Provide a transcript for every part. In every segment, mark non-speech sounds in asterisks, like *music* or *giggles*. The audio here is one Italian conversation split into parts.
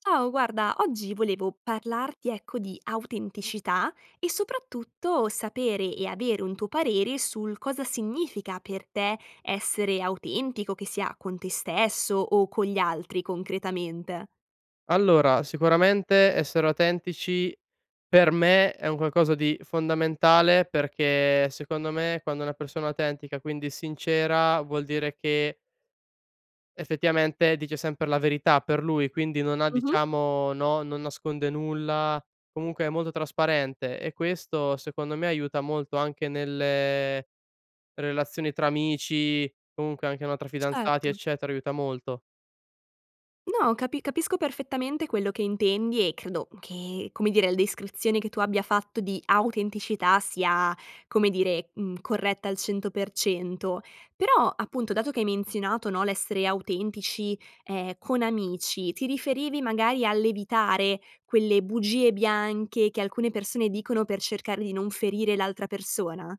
Ciao, guarda, oggi volevo parlarti, ecco, di autenticità e soprattutto sapere e avere un tuo parere sul cosa significa per te essere autentico, che sia con te stesso o con gli altri concretamente? Allora, sicuramente essere autentici, per me è un qualcosa di fondamentale, perché secondo me, quando una persona autentica, quindi sincera, vuol dire che effettivamente dice sempre la verità, per lui, quindi non ha Mh-mh. diciamo no, non nasconde nulla, comunque è molto trasparente e questo secondo me aiuta molto, anche nelle relazioni tra amici, comunque anche, no, tra fidanzati, Certo. eccetera aiuta molto. No capi capisco perfettamente quello che intendi e credo che, come dire il descrizione che tu abbia fatto di autenticità sia, come dire, mhmm, corretta al 100%; però, appunto dato che hai menzionato no, l'essere autentici, ehm, con amici, ti riferivi magari all'evitare quelle bugie bianche, che alcune persone dicono per cercare di non ferire l'altra persona?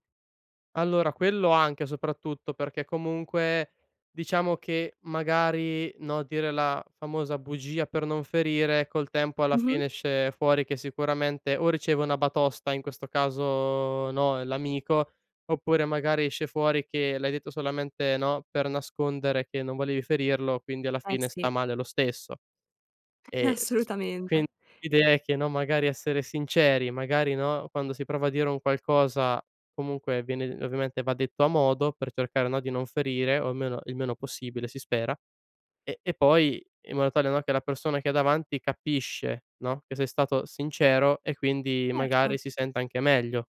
Allora, quello anche soprattutto; perché comunque, diciamo che magari, no, dire la famosa bugia per non ferire, col tempo alla fine Mh-mh. esce fuori, che sicuramente o riceve una batosta, in questo caso, no, l'amico, oppure magari esce fuori che l'hai detto solamente no, per nascondere che non volevi ferirlo, quindi alla Eh fine sta sì. male lo stesso. E s quin Assolutamente. l'idea è che, no, magari essere sinceri, magari no, quando si prova a dire un qualcosa, comunque viene ovviamente va detto a modo, per cercare no, di non ferire, o almeno il meno possibile si spera, e e poi in modo tale no, che la persona che hai davanti capisce no, che sei stato sincero e quindi Certo. magari si sente anche meglio.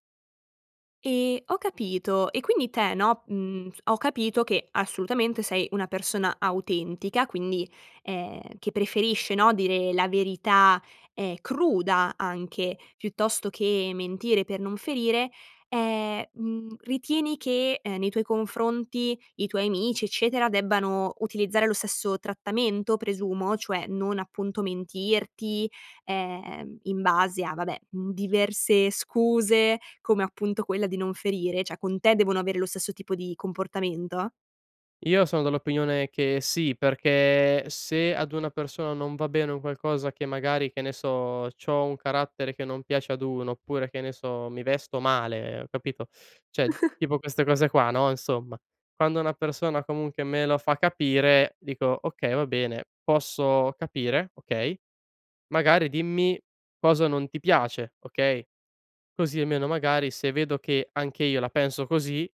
Ehm, ho capito, e quindi te, no, uhm, ho capito che assolutamente sei una persona autentica quindi, ehm, che preferisce, no, dire la verità, ehm, cruda anche, piuttosto che mentire per non ferire, ehm, mhmm, ritieni che, nei tuoi confronti i tuoi amici eccetera, debbano utilizzare lo stesso trattamento presumo, cioè non appunto mentirti, ehm, in base a vabbè, uhm, diverse scuse, come appunto quella di non ferire, cioè con te devono avere lo stesso tipo di comportamento? Io son dell'opinione che sì, perché, se ad una persona non va bene un qualcosa che magari, che ne so, c'ho un carattere che non piace ad 1 oppure, che ne so, mi vesto male, capito? Cioè *chuckles* tipo queste cose qua no, insomma, quando una persona comunque me lo fa capire, dico: "Okay, va bene, posso capire, okay, magari dimmi cosa non ti piace, okay," così almeno, magari, se vedo che anche io la penso così,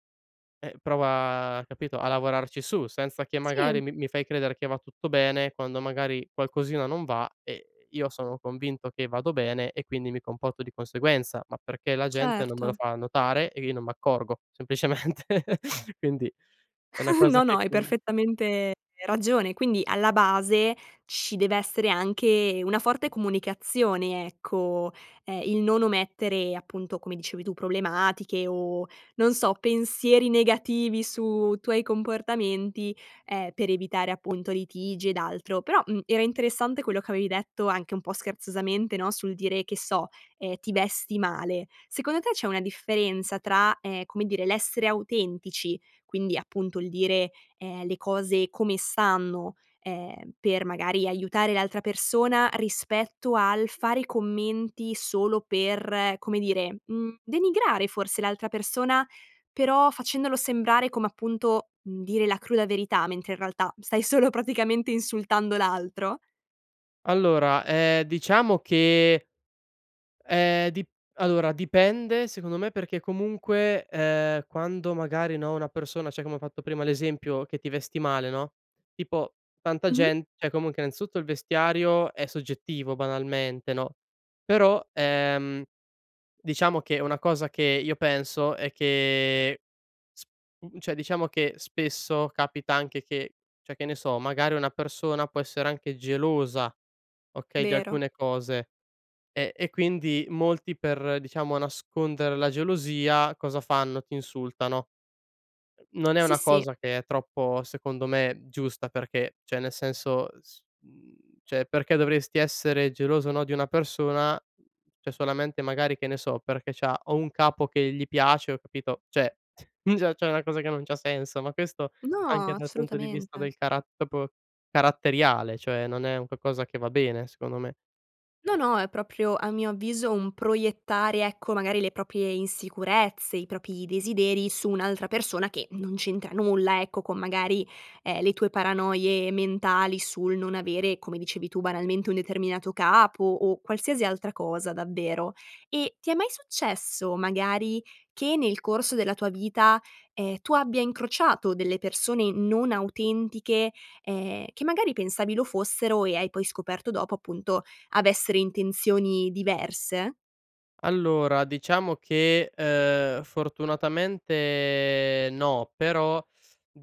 eh, prova, capito, a lavorarci su senza che Sì. magari mi mi fai credere che va tutto bene, quando magari qualcosina non va, eh io sono convinto che vado bene e quindi mi comporto di conseguenza, ma perché la gente non me lo Certo. fa notare, e io non m' accorgo semplicemente *laughs* quindi, è una *giggles* cosa No, no che hai *unintelligible* perfettamente ragione! Quindi alla base, ci dev'essere anche una forte comunicazione ecco, ehm, il non omettere appunto come dicevi tu, problematiche o non so pensieri negativi su tuoi comportamenti, ehm, per evitare appunto litigi ed altro però, mhmm, era interessante quello che avevi detto anche un po' scherzosamente no? Sul dire che so, ehm, ti vesti male. Secondo te c'è una differenza tra, ehm, come dire l'essere autentici, quindi appunto il dire, ehm, le cose come stanno, ehm, per magari aiutare l'altra persona, rispetto al fare i commenti solo per, come dire, mhmm, denigrare forse l'altra persona, però facendolo sembrare come appunto, mhmm, dire la cruda verità mentre in realtà stai solo praticamente insultando l'altro? Allora, ehm, diciamo che, ehm, dip allora dipende secondo me, perché comunque, ehm, quando magari no, una persona cioè come ho fatto prima l'esempio che ti vesti male no? Tipo tanta Mh-mh. gent cioè comunque innanzitutto il vestiario è soggettivo banalmente no? Però, ehm, diciamo che, una cosa che io penso è che, sp cioè diciamo che spesso, capita anche che, cioè che ne so, magari, una persona può essere anche gelosa okay? Di Vero. alcune cose eh e quindi molti, per diciamo nascondere la gelosia cosa fanno, ti insultano. *smacks lips* Non è Sì, una sì. cosa che è troppo, secondo me, giusta perché, cioè nel senso s mhmm, cioè perché dovresti essere geloso no, di una persona, cioè solamente magari che ne so perché c'ha o un capo che gli piace o capito, cioè già c'è una cosa che non c'ha senso, ma questo anche No, dal punto di vista assolutamente. del carat proprio caratteriale cioè non è un qualcosa che va bene, secondo me. No, no è proprio a mio avviso, un proiettare ecco magari le proprie insicurezze, i propri desideri su un'altra persona che non c'entra nulla, ecco con magari, ehm, le tue paranoie mentali sul non avere come dicevi tu, banalmente, un determinato capo o qualsiasi altra cosa davvero! Eh, ti è mai successo magari, che nel corso della tua vita, ehm, tu abbia incrociato delle persone non autentiche, ehm, che magari pensavi lo fossero e hai poi scoperto dopo appunto avessero intenzioni diverse? Allora, diciamo che, uhm, fortunatamente no, però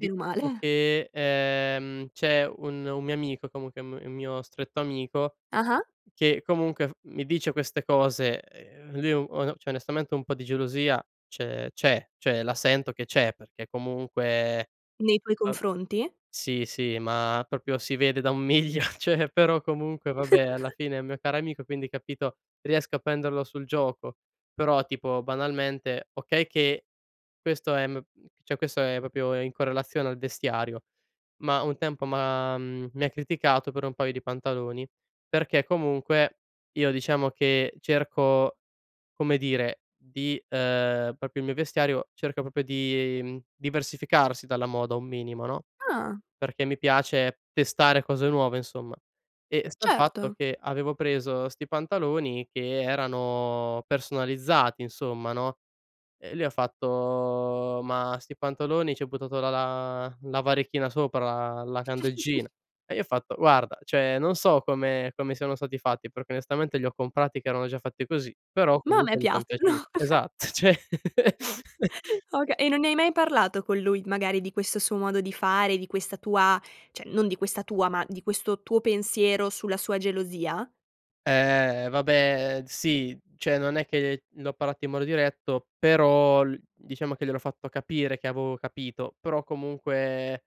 Meno male. *chuckles* che, uhm, c'è un un mio amico comunque un m un mio stretto amico, Ah-ah. che comunque f mi dice queste cose, ehm, lui on cioè onestamente un po' di gelosia ce c'è, cioè la sento che c'è perché comunque, Nei tuoi vab confronti? sì, sì ma proprio si vede da un miglio! *laughs* Cioè però comunque vabbè, alla *laughs* fine è un mio caro amico, quindi capito, riesco a prenderlo sul gioco, però tipo banalmente, okay che questo, ehm, cioè questo è proprio in correlazione al vestiario, ma un tempo, m'ha mi ha criticato per un paio di pantaloni, perché comunque, io diciamo che cerco, come dire di, ehm, proprio il mio vestiario, cerco proprio di, diversificarsi dalla moda un minimo no? Ah. Perché mi piace testare cose nuove insomma. E sta il fatto Certo. che, avevo preso sti pantaloni che erano personalizzati insomma no? Eh e lui ha fatto: "Ma sti pantaloni, ci hai buttato la la la varechina sopra, la candeggina?" *chuckles* E gli ho fatto: "Guarda, cioè non so come come siano stati fatti, perché onestamente li ho comprati che erano già fatti così, però Ma a me comunque mi sono piaciuti." piacciono. *laughs* Esatt cioè *chuckles* *laughs* Oka e non ne hai mai parlato con lui, magari di questo suo modo di fare, di questa tua cioè non di questa tua, ma di questo tuo pensiero sulla sua gelosia? Eh vabbè sì, cioè non è che gli ho parlato in modo diretto, però l diciamo che gliel'ho fatto capire che avevo capito, però comunque,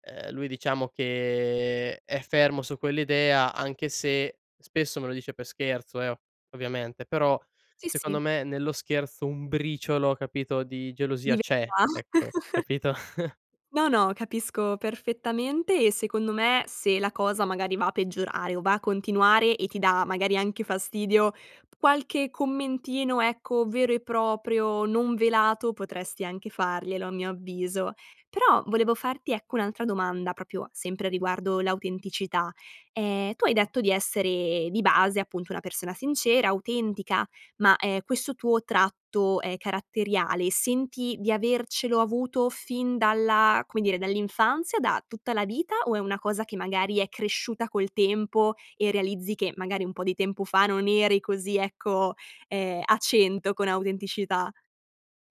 uhm, lui diciamo che è fermo su quell'idea anche se, spesso me lo dice per scherzo, eh, o ovviamente però Sì, secondo sì. me nello scherzo un briciolo capito di gelosia c'è *unintelligible* ecco *laughs* capito? *laughs* No, no capisco perfettamente, e secondo me, se la cosa magari va a peggiorare o va a continuare e ti dà magari anche fastidio, qualche commentino, ecco, vero e proprio, non velato potresti anche farglielo a mio avviso! Però, volevo farti ecco un'altra domanda, proprio sempre riguardo l'autenticità, ehm, tu hai detto di essere di base appunto una persona sincera, autentica ma, ehm, questo tuo tratto, ehm, caratteriale, senti di avercelo avuto fin dalla come dire dall'infanzia, da tutta la vita, o è una cosa che magari è cresciuta col tempo e realizzi che magari un po' di tempo fa non eri così ecco, ehm, a cento con autenticità.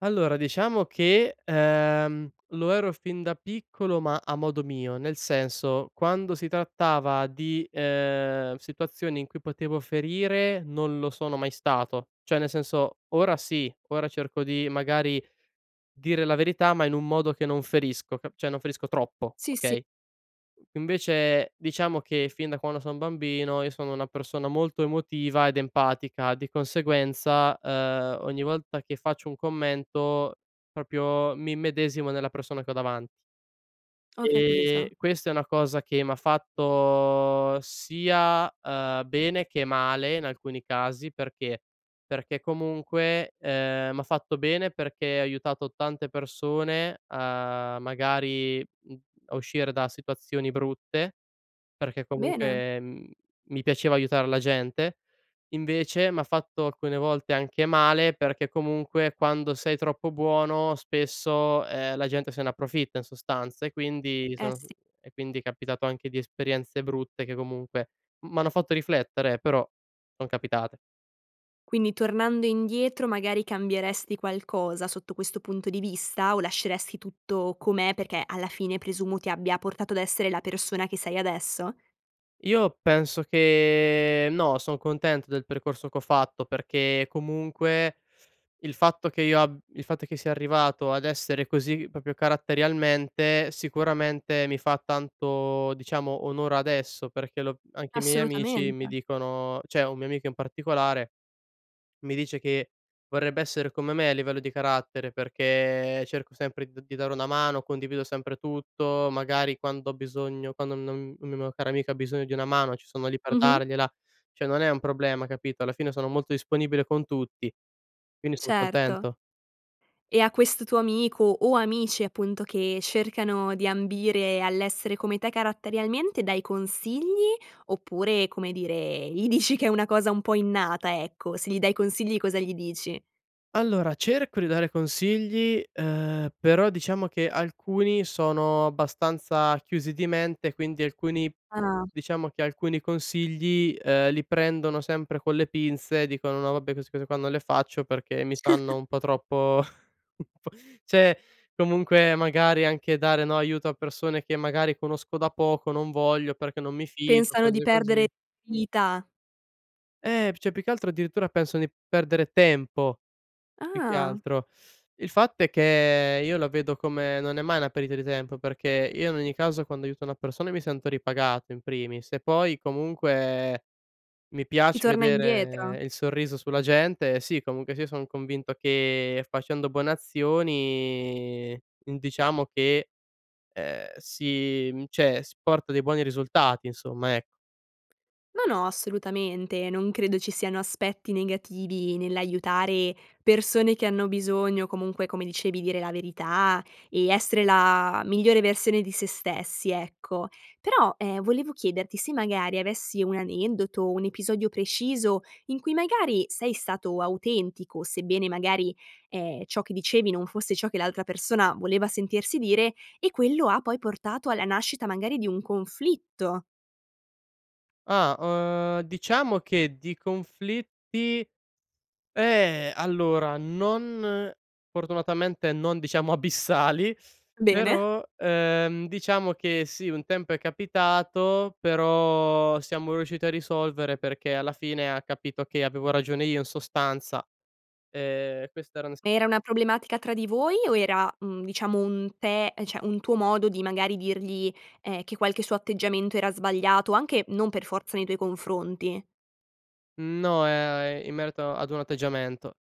Allora, diciamo che, ehm, lo ero fin da piccolo ma a modo mio. Nel senso, quando si trattava di, ehm, situazioni in cui potevo ferire, non lo sono mai stato. Cioè, nel senso, ora sì. Ora cerco di magari dire la verità ma in un modo che non ferisco, ca cioè non ferisco troppo, Sì, sì. okay, *unintelligible* invece, diciamo che fin da quando son bambino io sono una persona molto emotiva ed empatica di conseguenza, uhm, ogni volta che faccio un commento proprio mi immedesimo nella persona che ho davanti Ho ehm, capito. questa è una cosa che m'ha fatto sia, uhm, bene che male in alcuni casi, perché? Perché comunque, ehm, m'ha fatto bene perché ha aiutato tante persone a, magari, mhmm, a uscire da situazioni brutte perché Bene! comunque, mhmm, mi piaceva aiutare la gente. Invece m'ha fatto alcune volte anche male, perché comunque quando sei troppo buono spesso, ehm, la gente se ne approfitta in sostanza, e quindi mi Eh, sono sì. e quindi è capitato anche di esperienze brutte che comunque m m'hanno fatto riflettere, eh, però son capitate. Quindi, tornando indietro magari cambieresti qualcosa sotto questo punto di vista? O lasceresti tutto com'è, perché alla fine presumo ti abbia portato ad essere la persona che sei adesso. Io penso che no, son contento del percorso che ho fatto perché comunque il fatto che io ab il fatto che sia arrivato ad essere così proprio caratterialmente, sicuramente mi fa tanto, diciamo, onor adesso perché lo anche i miei amici Assolutamente. mi dicono cioè, un mio amico in particolare mi dice che vorrebbe essere come me a livello di carattere, perché cerco sempre d di dare una mano, condivido sempre tutto, magari quando ho bisogno, quando non una mia cara amica bisogno di una mano ci sono lì per Mh-Mh. dargliela. Cioè, non è un problema, capito, alla fine sono molto disponibile con tutti, quindi son Certo. contento. E a questo tuo amico, o amici appunto, che cercano di ambire all'essere come te caratterialmente dai consigli? Oppure, come dire, gli dici che è una cosa un po' innata, ecco. Se gli dai consigli cosa gli dici? Allora, cerco di dare consigli, uhm, però diciamo che alcuni sono abbastanza chiusi di mente, quindi alcuni Ah. diciamo che alcuni consigli, ehm, li prendono sempre con le pinze. Dicono: "No vabbè, queste cose qua non le faccio, perché mi sanno *chuckles* un po' troppo *chuckles* un po'" Cioè, comunque magari anche dare, no, aiuto a persone che magari conosco da poco "Non voglio perché non mi fido." Pensano di Cose perdere così. dignità. Eh, p cioè, più che altro addirittura pensano di perdere tempo, più che Ah. altro. Il fatto è che io lo vedo come non è mai una perdita di tempo. Perché io in ogni caso quando aiuto una persona mi sento ripagato in primis, e poi comunque mi Ti piace torna indietro. vedere il sorriso sulla gente. Sì, comunque sia son convinto che facendo buone azioni in diciamo che, ehm, si cioè, s porta dei buoni risultati insomma, ec No, no, assolutamente, non credo ci siano aspetti negativi nell'aiutare persone che hanno bisogno, o comunque, come dicevi, dire la verità e essere la migliore versione di sé stessi, ecco. Però, ehm, volevo chiederti se magari avessi un aneddoto, un episodio preciso in cui magari sei stato autentico, sebbene magari, ehm, ciò che dicevi non fosse ciò che l'altra persona voleva sentirsi dire, e quello ha poi portato alla nascita magari di un conflitto. Ah, uhm, diciamo che di conflitti eh, allora non fortunatamente non diciamo abissali Bene. però, ehm, diciamo che sì un tempo è capitato però siamo riusciti a risolvere perché alla fine ha capito che avevo ragione io in sostanza. Ehm, questa era Ma era *unintelligible* una problematica tra di voi o era, mhmm, diciamo un te cioè, un tuo modo di magari dirgli, ehm, che qualche suo atteggiamento era sbagliato, anche non per forza nei tuoi confronti? Mhmm, no, ehm, in merito ad un atteggiamento.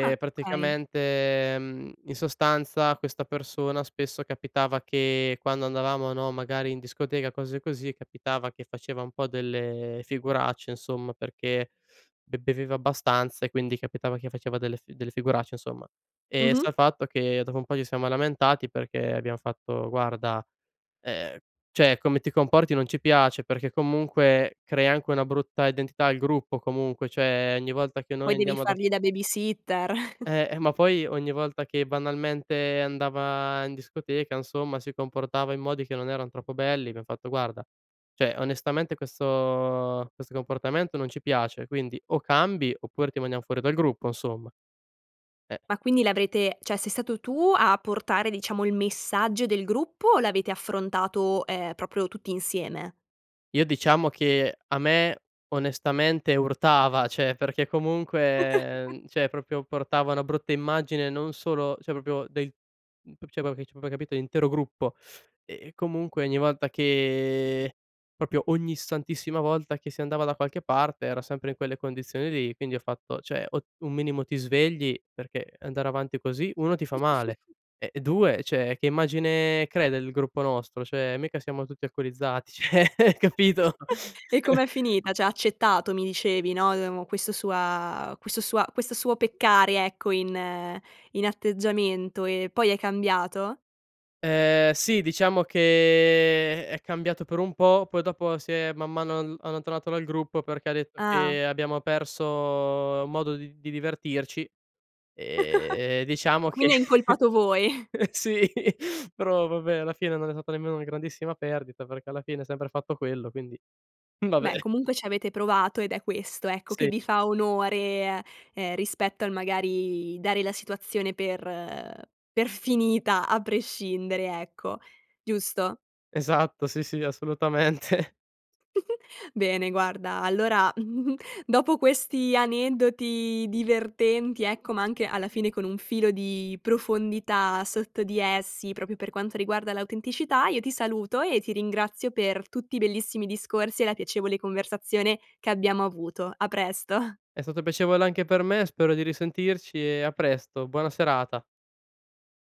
Ah, okay. praticamente, mhmm, in sostanza questa persona spesso capitava che quando andavamo, no, magari in discoteca, cose così, capitava che faceva un po' delle figuracce insomma, perché be beveva abbastanza e quindi capitava che faceva delle fi delle figuracce, insomma. Ehm, Mh-mh. sa fatto che dopo un po' ci siamo lamentati perché abbiam fatto: "Guarda, ehm, cioè, come ti comporti non ci piace, perché comunque crea anche una brutta identità al gruppo comunque. Cioè, ogni volta che noi Poi devi andiamo da" fargli da baby-sitter. *chuckles* Eh, eh, ma poi ogni volta che banalmente andava in discoteca, insomma, si comportava in modi che non erano troppo belli, abbiam fatto guarda: "Cioè, onestamente questo questo comportamento non ci piace quindi o cambi oppure ti mandiamo fuori dal gruppo insomma. Eh." Ma quindi l'avrete cioè, sei stato tu a portare diciamo il messaggio del gruppo o l'avete affrontato, ehm, proprio tutti insieme? Io diciamo che, a me onestamente urtava, cioè, perché comunque, *giggles* mhmm, cioè, proprio portava una brutta immagine non solo cioè, proprio del mhmm, p cioè, proprio che cioè, proprio hai capito, l'intero gruppo. E e comunque ogni volta che proprio ogni santissima volta che si andava da qualche parte era sempre in quelle condizioni lì. Quindi ho fatto, cioè: "O un minimo ti svegli, perché andare avanti così 1 ti fa male *chuckles* e e 2, cioè, che immagine crei del gruppo nostro? Cioè, mica siamo tutti alcolizzati." Cioè, capito.. *chuckles* E *laughs* com'è finita? Cioè ha accettato, mi dicevi no, uhm, o questo sua questo sua questo suo peccare ecco in in atteggiamento? E poi è cambiato? Ehm, sì diciamo che è cambiato per un po', poi dopo si è, man mano, all allontanato dal gruppo perché ha detto Ah. che abbiamo perso modo di d di divertirci. Ehm, e *giggles* diciamo che Quindi hai incolpato voi. sì però vabbè alla fine non è stata nemmeno una grandissima perdita, perché alla fine ha sempre fatto quello, quindi vabbè. Beh, comunque ci avete provato ed è questo, ecco, che Sì. vi fa onore eh, ehm rispetto al magari dare la situazione per per finita a prescindere, ecco. Giusto? Esatto. Sì, sì, assolutamente. *giggles* Bene guarda allora *chuckles* dopo questi aneddoti divertenti, ecco, ma anche alla fine con un filo di profondità sotto di essi, proprio per quanto riguarda l'autenticità, io ti saluto e ti ringrazio per tutti i bellissimi discorsi e la piacevole conversazione che abbiamo avuto. A presto. È stato piacevole anche per me. Spero di risentirci e a presto. Buona serata.